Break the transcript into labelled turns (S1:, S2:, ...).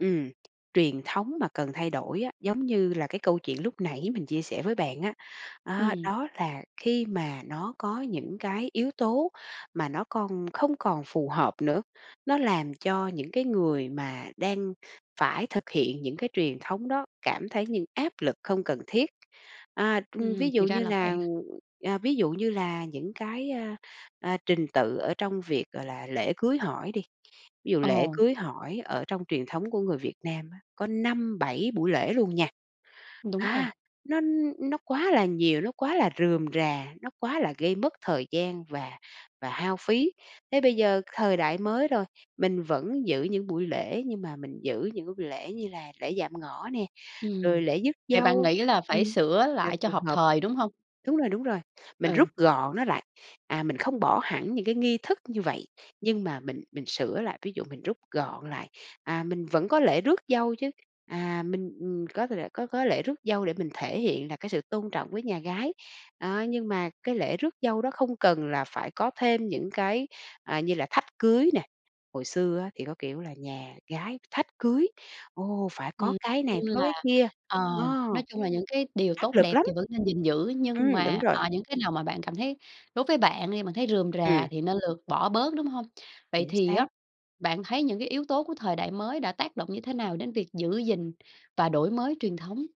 S1: Ừm. Truyền thống mà cần thay đổi á, giống như là cái câu chuyện lúc nãy mình chia sẻ với bạn á, à,
S2: Ừm.
S1: đó là khi mà nó có những cái yếu tố mà nó con không còn phù hợp nữa, nó làm cho những cái người mà đang phải thực hiện những cái truyền thống đó cảm thấy những áp lực không cần thiết. À,
S2: Ừm,
S1: ưm,
S2: ừm,
S1: ví
S2: thì
S1: dụ
S2: ra
S1: như
S2: là
S1: là,
S2: vậy.
S1: à, ví dụ như là những cái, a, à, trình tự ở trong việc, gọi là, lễ cưới hỏi đi, ví dụ
S2: Ờ.
S1: lễ cưới hỏi ở trong truyền thống của người Việt Nam á, có 5-7 buổi lễ luôn nha.
S2: Đúng rồi.
S1: À, nó nó quá là nhiều, nó quá là rườm rà, nó quá là gây mất thời gian và và hao phí. Thế bây giờ thời đại mới rồi, mình vẫn giữ những buổi lễ nhưng mà mình giữ những cái buổi lễ như là lễ dạm ngõ nè,
S2: Ừm.
S1: rồi lễ rước
S2: Vậy bạn
S1: dâu.
S2: nghĩ là
S1: Ừm.
S2: phải sửa
S1: Là
S2: lại cho
S1: phù
S2: hợp
S1: hợp!
S2: thời, đúng hông?
S1: Đúng rồi, đúng rồi, mình
S2: Ừ.
S1: rút gọn nó lại. À, mình không bỏ hẳn những cái nghi thức như vậy, nhưng mà mình mình sửa lại, ví dụ mình rút gọn lại, à, mình vẫn có lễ rước dâu chứ, à mình, ừm, có thể có có lễ rước dâu để mình thể hiện là cái sự tôn trọng với nhà gái. Đó, nhưng mà cái lễ rước dâu đó không cần là phải có thêm những cái, à, như là thách cưới nè. Hồi xưa á thì có kiểu là nhà gái thách cưới, ồ, phải có
S2: Ừm.
S1: cái này
S2: Chung
S1: phải có
S2: là,
S1: cái kia.
S2: ờ,
S1: Ờ.
S2: nói chung là những cái điều
S1: Áp
S2: tốt
S1: lực
S2: đẹp
S1: lắm.
S2: thì vẫn nên gìn giữ, nhưng
S1: Ừm, đúng
S2: mà, ờ,
S1: rồi.
S2: những cái nào mà bạn cảm thấy đối với bạn đi, bạn thấy rườm rà
S1: Ừm.
S2: thì nên lược bỏ bớt, đúng hông? Vậy
S1: Chính
S2: thì
S1: xác.
S2: á bạn thấy những cái yếu tố của thời đại mới đã tác động như thế nào đến việc giữ gìn và đổi mới truyền thống?